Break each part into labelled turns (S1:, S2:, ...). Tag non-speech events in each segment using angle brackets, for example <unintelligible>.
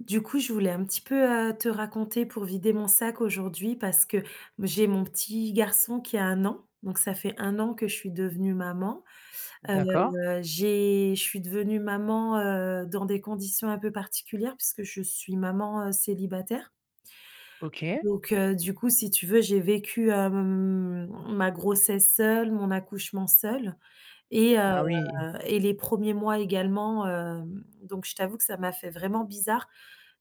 S1: Du coup, je voulais un petit peu, heu, te raconter pour vider mon sac aujourd'hui, parce que, m j'ai mon petit garçon qui a 1 an. Donc ça fait 1 an que je suis devenue maman. Heu,
S2: D'accord.
S1: j'ai je suis devenue maman, heu, dans des conditions un peu particulières puisque je suis maman, heu, célibataire
S2: OK.
S1: donc heu, du coup, si tu veux, j'ai vécu, hem, ma grossesse seule, mon accouchement seule et heu
S2: Ah oui.
S1: et les 1ers mois également, hem, donc je t'avoue que ça m'a fait vraiment bizarre,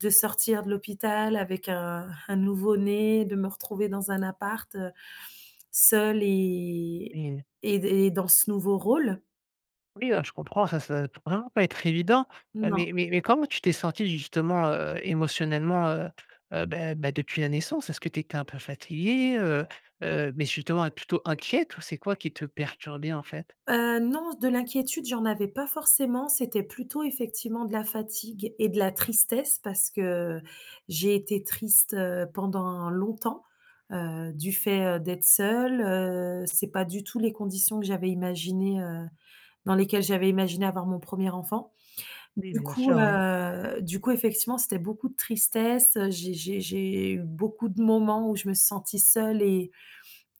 S1: de sortir de l'hôpital avec un un nouveau-né, de me retrouver dans un appart, heu, seule et
S2: Oui.
S1: et d et dans ce nouveau rôle.
S2: Oui, ben, je comprends, ça ça doit être vraiment pas être évident, heu,
S1: Non.
S2: mais mais mais comment tu t'es sentie justement, heu, émotionnellement, heu, heu, beh beh, depuis la naissance, est-ce que tu étais un peu fatiguée, heu heu, mais justement, mais plutôt inquiète ou c'est quoi qui te perturbait, en fait?
S1: Heu, non, de l'inquiétude, j'en avais pas forcément, c'était plutôt, effectivement, de la fatigue et de la tristesse parce que j'ai été triste, heu, pendant longtemps, heu, du fait, heu, d'être seule. Heu, c'est pas du tout les conditions que j'avais imaginées, heu, dans lesquelles j'avais imaginé avoir mon 1er enfant. Donc
S2: Oui,
S1: du
S2: bien
S1: coup,
S2: sûr, oui.
S1: heu, du coup, effectivement, c'était beaucoup de tristesse, heu, j'ai j'ai j'ai eu beaucoup de moments où je me suis sentie seule et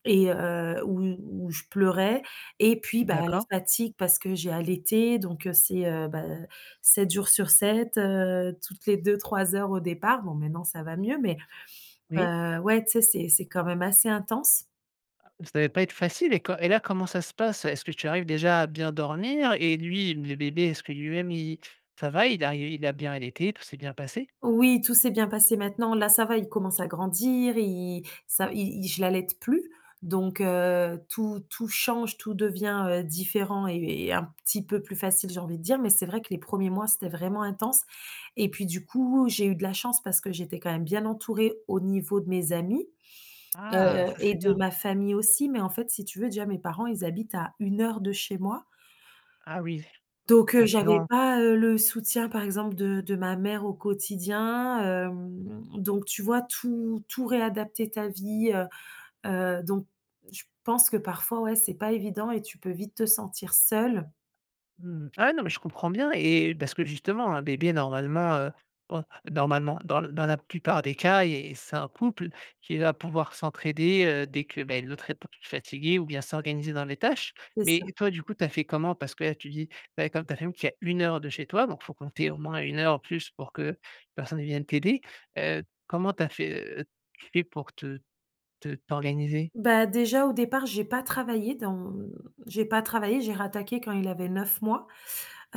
S1: et heu, où où je pleurais et puis, bah,
S2: D'accord.
S1: la fatigue parce que j'ai allaité, donc heu, c'est, heu, bah, heu, 7 jours sur 7, heu, toutes les 2-3 heures au départ, bon, maintenant ça va mieux mais
S2: Oui.
S1: heu, ouais, tu sais, c'est c'est quand même assez intense.
S2: Ah, ça devait pas être facile et co et là, comment ça se passe? Est-ce que tu arrives, déjà, à bien dormir et lui, le bébé? Est-ce que, lui-même, il ça va, il a il a bien allaité, tout s'est bien passé?
S1: Oui, tout s'est bien passé. Maintenant, là, ça va, il commence à grandir, i ça i i je l'allaite plus donc heu, tout tout change. Tout devient, heu, différent et heu, et un petit peu plus facile, j'ai envie de dire, mais c'est vrai que les 1ers mois, c'était vraiment intense et puis du coup, j'ai eu de la chance parce que j'étais quand même bien entourée, au niveau de mes amis, heu
S2: Ah!
S1: heu,
S2: Ça,
S1: et
S2: c'est
S1: de
S2: bien.
S1: ma famille aussi, mais en fait, si tu veux, déjà, mes parents, ils habitent à 1 heure de chez moi
S2: Ah oui,
S1: donc heu,
S2: ça fait
S1: j'avais
S2: long.
S1: pas, heu, le soutien, par exemple, de de ma mère au quotidien, hem, donc tu vois? Tout tout réadapter ta vie, heu heu, donc je pense que parfois, ouais, c'est pas évident et tu peux vite te sentir seule.
S2: Mmh mh. Ah non mais je comprends bien et parce que, justement un bébé, normalement, heu, oh normalement, dans l dans la plupart des cas et et c'est un couple qui va pouvoir s'entraider, heu, dès que, beh, l'autre est peu p fatigué ou bien s'organiser dans les tâches,
S1: C'est ça.
S2: mais toi, du coup, tu as fait comment? Parce que là, tu dis, ben, comme ta famille qui est à 1 heure de chez toi donc faut compter au moins 1 heure ou plus pour qu'une personne vienne t'aider, heu, comment tu as fait, heu, tu fais pour te te t'organiser?
S1: Bah, déjà, au départ, j'ai pas travaillé dans mmh, j'ai pas travaillé, j'ai rattaqué quand il avait 9 mois.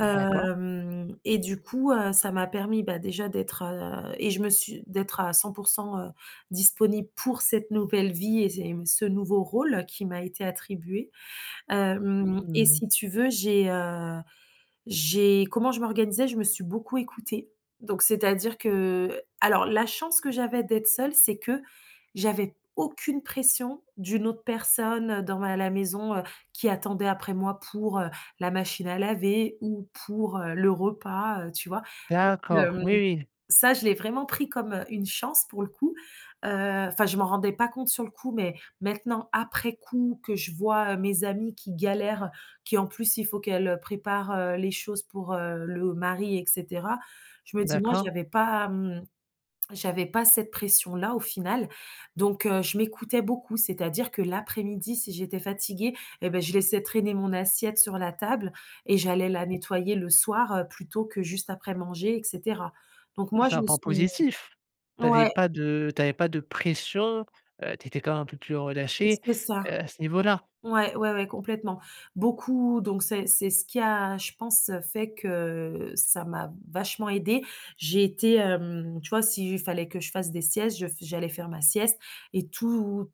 S2: D'accord.
S1: et du coup, heu, ça m'a permis, bah, déjà, d'être, heu et je me suis d'être à 100 % heu, disponible pour cette nouvelle vie et ces m ce nouveau rôle qui m'a été attribué, hem
S2: Mmh
S1: et
S2: mh.
S1: si tu veux, j'ai, heu, j'ai comment je m'organisais? Je me suis beaucoup écoutée donc c'est-à-dire que, alors la chance que j'avais d'être seule, c'est que j'avais aucune pression d'une autre personne dans la la maison, heu, qui attendait après moi, pour, heu, la machine à laver ou pour, heu, le repas, heu, tu vois ?Donc,
S2: D'accord,
S1: hem,
S2: oui, oui.
S1: ça, je l'ai vraiment pris comme une chance, pour le coup. Heu, enfin, je m'en rendais pas compte sur le coup, mais maintenant, après coup, que je vois, heu, mes amies qui galèrent, qui, en plus, il faut qu'elles préparent, heu, les choses pour, heu, le mari et cetera. Je me dis: «Moi,
S2: D'accord.
S1: j'y avais pas, mmh, j'avais pas cette pression-là, au final» donc heu, je m'écoutais beaucoup. C'est-à-dire que l'après-midi, si j'étais fatiguée et beh, je laissais traîner mon assiette sur la table et j'allais la nettoyer le soir, heu, plutôt que, juste, après manger et cetera, donc
S2: Et
S1: moi,
S2: c'est
S1: je
S2: un
S1: me
S2: point
S1: suis
S2: positif, tu avais
S1: ouais.
S2: pas de tu avais pas de pression, heu, tu étais quand même un peu plus
S1: C'est
S2: relâchée,
S1: c'est ça.
S2: heu, à ce niveau-là.
S1: Ouais, ouais, ouais, complètement. Beaucoup donc c'est c'est ce qui a, je pense, heu, fait que, ça m'a vachement aidée. J'ai été, hem, tu vois? S'il fallait que je fasse des siestes, je f j'allais faire ma sieste et tout,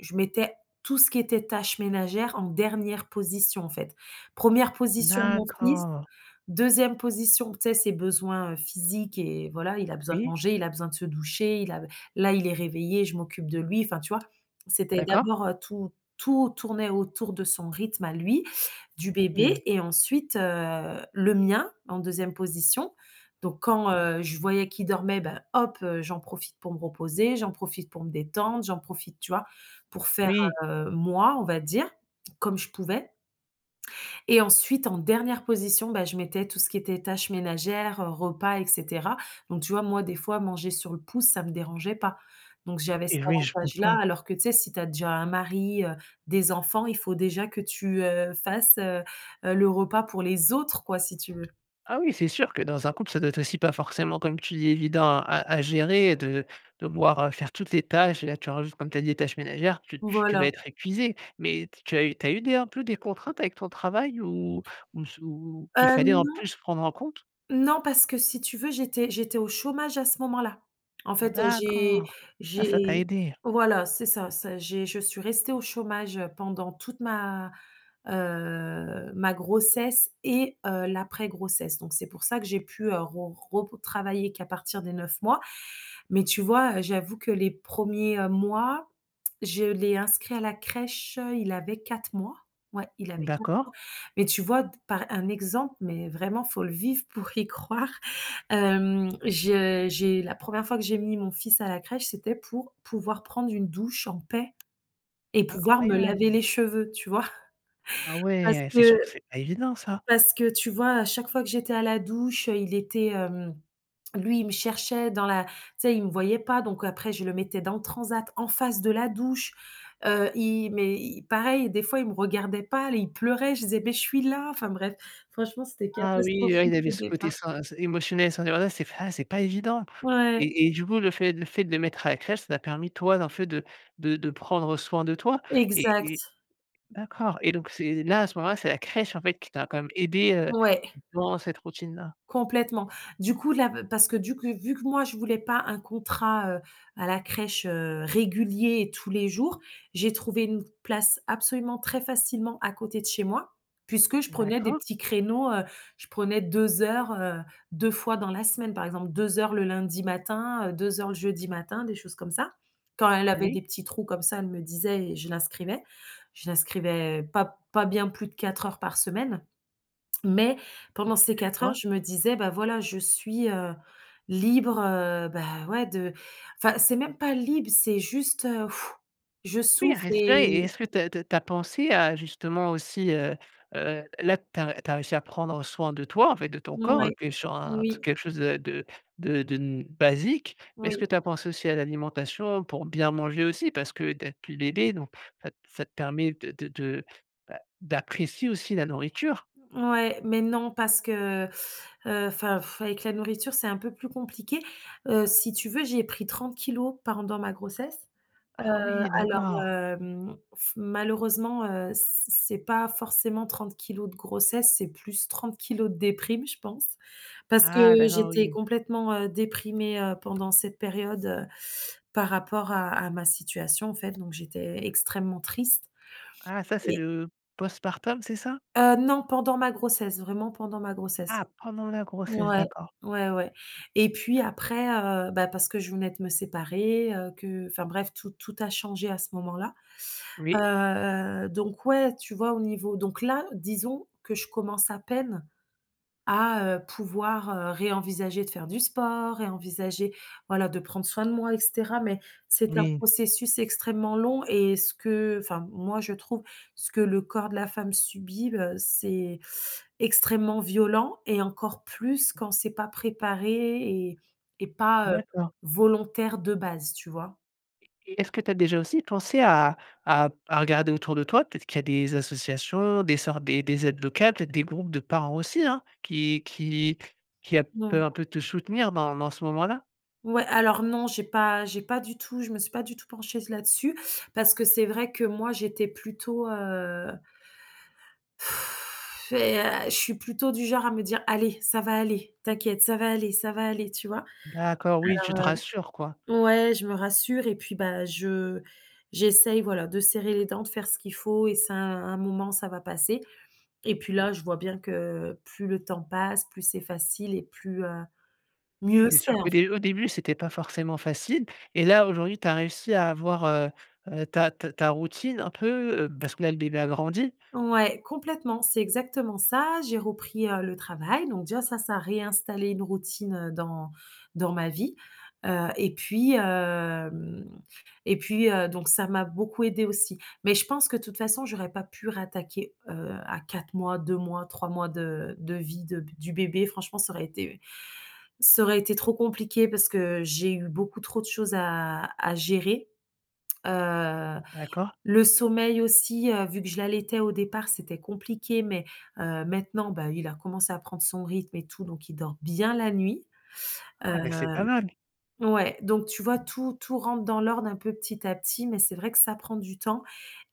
S1: je mettais tout ce qui était tâches ménagères, en dernière position, en fait. 1re position, mon fils,
S2: D'accord.
S1: 2e position, tu sais? Ses besoins, heu, physiques et voilà, il a besoin de
S2: Oui.
S1: manger, il a besoin de se doucher, il a là, il est réveillé, je m'occupe de lui, enfin, tu vois? C'était
S2: D'accord.
S1: d'abord, heu, tout tout tournait autour de son rythme à lui, du
S2: Ah, et
S1: bébé et ensuite, heu, le mien en 2e position, donc quand,
S2: Oui.
S1: heu, je voyais qu'il dormait, ben, hop, heu, j'en profite pour me reposer, j'en profite pour me détendre, j'en profite tu vois? Pour faire,
S2: Oui.
S1: heu, moi, on va dire comme je pouvais et ensuite, en dernière position, ben, je mettais tout ce qui était tâches ménagères, repas et cetera, donc tu vois? Moi, des fois, manger sur le pouce, ça me dérangeait pas, donc j'avais cet
S2: Eh oui, je
S1: avantage-là,
S2: comprends.
S1: alors que, tu sais? Si tu as déjà un mari, heu, des enfants, il faut déjà que tu, heu, fasses, heu heu, le repas pour les autres, quoi, si tu veux.
S2: Ah oui, c'est sûr que, dans un couple, ça doit être aussi, pas forcément comme tu dis: «Évident» à à à gérer, heu, de devoir, heu, faire toutes les tâches et là, tu rajoutes, comme tu as dit: «Les tâches ménagères» tu tu tu
S1: Voilà.
S2: vas être épuisée, mais t tu as eu tu as eu des un peu des contraintes avec ton travail ou ou m sous ou
S1: Heu,
S2: qu'il fallait, en
S1: non.
S2: plus, prendre en compte?
S1: Non, parce que si tu veux, j'étais j'étais au chômage à ce moment-là. En fait, heu, j'ai
S2: D'accord. Ah ça
S1: j'ai
S2: t'a aidé.
S1: voilà, c'est ça, ça j'ai je suis restée au chômage, heu, pendant toute ma, heu, ma grossesse et heu, l'après-grossesse, donc c'est pour ça que j'ai pu, heu, re retravailler qu'à partir des 9 mois, mais tu vois? Heu, j'avoue que les 1ers, heu, mois, je l'ai inscrit à la crèche, heu, il avait 4 mois, ouais, il avait 4
S2: D'accord.
S1: mois, mais tu vois? D par un exemple, mais vraiment, faut le vivre pour y croire. Hem, je j'ai la 1re fois que j'ai mis mon fils à la crèche, c'était pour pouvoir prendre une douche en paix et pouvoir me laver
S2: Incroyable!
S1: les cheveux, tu vois? <chuckles>
S2: Ah
S1: Parce
S2: ouais, c'est
S1: que
S2: sûr que c'est pas évident, ça.
S1: parce que tu vois? Á chaque fois que j'étais à la douche, il était hem, lui, il me cherchait dans la tu sais? Il me voyait pas, donc après je le mettais dans le transat en face de la douche. Heu, i mais i pareil, des fois, il me regardait pas, il pleurait, je disais: «Mais je suis là», enfin bref, franchement, c'était
S2: Ah oui, ouais,
S1: catastrophique
S2: il y avait
S1: au
S2: ce
S1: départ.
S2: côté sans s émotionnel, sans <unintelligible> c'est <unintelligible> c'est pas évident
S1: Ouais.
S2: et et du coup, le fait le fait de le mettre à la crèche, ça t'a permis, toi, en fait de de de prendre soin de toi et et
S1: Exact.
S2: d'accord et donc c'est là, à ce moment-là, c'est la crèche, en fait, qui t'a quand même aidé, heu,
S1: Ouais.
S2: dans cette routine-là.
S1: Complètement. Du coup, là, b parce que du c vu que moi je voulais pas un contrat, heu, à la crèche, heu, régulier et tous les jours. J'ai trouvé une place absolument très facilement, à côté de chez moi, puisque je prenais des
S2: D'accord.
S1: petits créneaux, heu, je prenais 2 heures, heu, 2 fois dans la semaine, par exemple, 2 heures le lundi matin, heu, 2 heures le jeudi matin, des choses comme ça. Quand elle avait
S2: Oui.
S1: des petits trous comme ça, elle me disait et je l'inscrivais. Je l'inscrivais pas pas bien plus de 4 heures par semaine, mais pendant
S2: OK,
S1: ces
S2: je
S1: 4 heures,
S2: vois.
S1: je me disais: «Bah voilà, je suis, heu, libre, heu, ben, ouais, de enfin, c'est même pas libre, c'est juste, heu, <exhales> je
S2: Oui, à
S1: souffle et
S2: respirer et est-ce que tu as tu as pensé à, justement, aussi, heu heu là, tu as tu as réussi à prendre, heu, soin de toi, en fait, de ton corps.
S1: Mouais,
S2: Tu es sur un t
S1: oui.
S2: quelque chose, heu, de de de n basique, mais est-ce
S1: Oui.
S2: que tu as pensé aussi à l'alimentation pour bien manger aussi? Parce que d'être plus d aidée donc ça t ça te permet de de de, bah, d'apprécier aussi la nourriture.
S1: Ouais, mais non, parce que, heu, <sucks teeth> heu, enfin, <exhales> avec la nourriture, c'est un peu plus compliqué. Heu, si tu veux, j'ai pris 30 pendant ma grossesse. Heu,
S2: Ah oui,
S1: alors,
S2: d'accord.
S1: hem, f malheureusement, heu, c c'est pas forcément 30 de grossesse, c'est plus 30 de déprime, je pense parce que
S2: Ah d'accord,
S1: j'étais
S2: oui.
S1: complètement, heu, déprimée, heu, pendant cette période, heu, <sucks teeth> par rapport à à ma situation, en fait donc j'étais extrêmement triste.
S2: Ah ça, c'est
S1: Et
S2: le post-partum, c'est ça?
S1: Heu, non, pendant ma grossesse, vraiment, pendant ma grossesse.
S2: Ah pendant la grossesse,
S1: Ouais,
S2: d'accord.
S1: ouais ouais, et puis après, heu, bah, parce que je venais de me séparer, heu, que enfin bref, tout tout a changé à ce moment-là,
S2: Oui.
S1: heu heu, donc ouais, tu vois? Au niveau donc là, disons que je commence à peine à, heu, pouvoir, heu, ré-envisager de faire du sport, ré-envisager, voilà, de prendre soin de moi, et cetera, mais c'est un
S2: Oui.
S1: processus extrêmement long et ce que enfin, moi, je trouve, ce que le corps de la femme subit, heu, c'est <sucks teeth> extrêmement violent et encore plus quand c'est pas préparé et et pas, heu,
S2: D'accord.
S1: volontaire de base, tu vois?
S2: Et et est-ce que tu as déjà aussi pensé à à à regarder autour de toi? Peut-être qu'il y a des associations, des sortes, des des aides locales, peut-être des groupes de parents aussi hein, qui qui qui à
S1: Na
S2: peuvent un peu te soutenir dans dans ce moment-là?
S1: Ouais, alors non, j'ai pas j'ai pas du tout je me suis pas du tout penchée là-dessus parce que c'est vrai que moi, j'étais plutôt, heu <sighs> et heu, je suis plutôt du genre à me dire: «Allez, ça va aller, t'inquiète, ça va aller, ça va aller», tu vois?
S2: D'accord, oui, tu te rassures quoi.
S1: Alors, heu, ouais, je me rassure et puis bah, je j'essaie voilà, de serrer les dents, de faire ce qu'il faut et c'est un un moment ça va passer, et puis
S2: Mmh.
S1: là, je vois bien que plus le temps passe, plus c'est facile et plus, heu,
S2: Oui,
S1: mieux
S2: c'est
S1: c'est
S2: sûr
S1: en
S2: qu'au
S1: fai
S2: dé au début c'était pas forcément facile, et là aujourd'hui tu as réussi à avoir, heu heu, ta ta ta routine un peu, heu, parce que là le bébé a grandi.
S1: Ouais, complètement, c'est exactement ça. J'ai repris, heu, le travail, donc déjà ça, ça a réinstallé une routine, heu, dans dans ma vie, heu et puis, hem et puis, heu, donc, ça m'a beaucoup aidé aussi. Mais je pense que de toute façon j'aurais pas pu rattaquer, heu, à 4 mois, 2 mois, 3 mois de de vie de du bébé. Franchement ça aurait été ça aurait été trop compliqué, parce que j'ai eu beaucoup trop de choses à à gérer. Heu,
S2: D'accord.
S1: le sommeil aussi, heu, vu que je l'allaitais au départ, c'était compliqué mais, heu, maintenant bah, il a commencé à prendre son rythme et tout, donc il dort bien la nuit. Heu,
S2: Ah, mais, c'est pas mal.
S1: ouais, donc tu vois tout tout rentre dans l'ordre un peu, petit à petit, mais c'est vrai que ça prend du temps,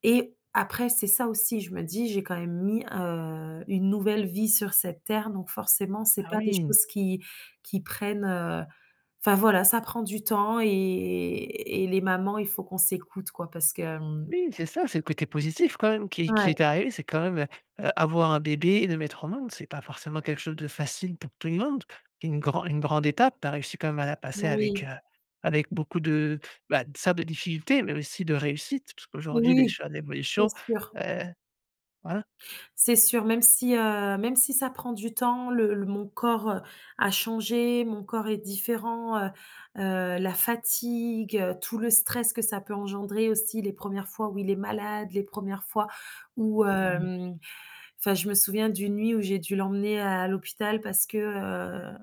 S1: et après, c'est ça aussi, je me dis, j'ai quand même mis, heu, une nouvelle vie sur cette Terre donc forcément c'est
S2: Ah
S1: pas des
S2: oui.
S1: choses qui qui prennent, heu, enfin voilà, ça prend du temps et et et les mamans, il faut qu'on s'écoute quoi parce que hem
S2: Oui c'est ça, c'est le côté positif quand même qui qui
S1: Ouais.
S2: est arrivé c'est quand même, heu heu, avoir un bébé et le mettre au monde, c'est pas forcément quelque chose de facile pour tout le monde. C'est une gran une grande étape. Tu as réussi quand même à la passer avec,
S1: Oui.
S2: heu, avec beaucoup de, bah, certes de difficultés mais aussi de réussites parce qu'aujourd'hui les
S1: Oui,
S2: choix
S1: c'est
S2: d'évolution,
S1: sûr.
S2: heu, voilà.
S1: C'est sûr, même si, heu, même si ça prend du temps, le l mon corps, heu, a changé, mon corps, est différent, heu heu, la fatigue, heu, tout le stress que ça peut engendrer aussi les 1res fois où il est malade, les 1res fois où
S2: Mmh.
S1: hem, enfin, je me souviens d'une nuit où j'ai dû l'emmener à l'hôpital parce que, heu,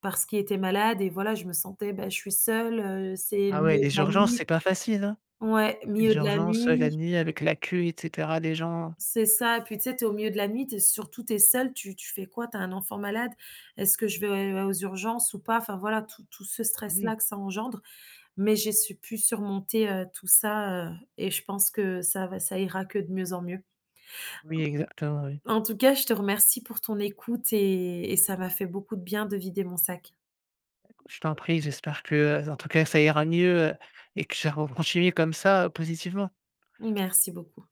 S1: parce qu'il était malade et voilà, je me sentais, bah, je suis seule, heu, c'est le
S2: Ah ouais,
S1: milieu de
S2: les
S1: la
S2: urgences,
S1: nuit.
S2: c'est pas facile hein,
S1: Ouais,
S2: les
S1: milieu de la
S2: urgences, heu, la
S1: nuit.
S2: nuit avec la queue et cetera, les gens.
S1: C'est ça et puis tu sais, tu es au milieu de la nuit, tu es, surtout tu es seule, tu tu fais quoi? Tu as un enfant malade? Est-ce que je vais, heu, aux urgences ou pas? Enfin voilà, tout tout ce stress là
S2: Oui.
S1: que ça engendre. Mais j'ai su pu surmonter, heu, tout ça, heu et je pense que ça va, ça ira que de mieux en mieux
S2: Oui, exactement oui.
S1: en tout cas, je te remercie pour ton écoute et et ça m'a fait beaucoup de bien de vider mon sac.
S2: Écoute je t'en prie, j'espère que, heu, en tout cas, ça ira mieux, heu, et que ça re continuer comme ça, heu, positivement.
S1: Merci beaucoup.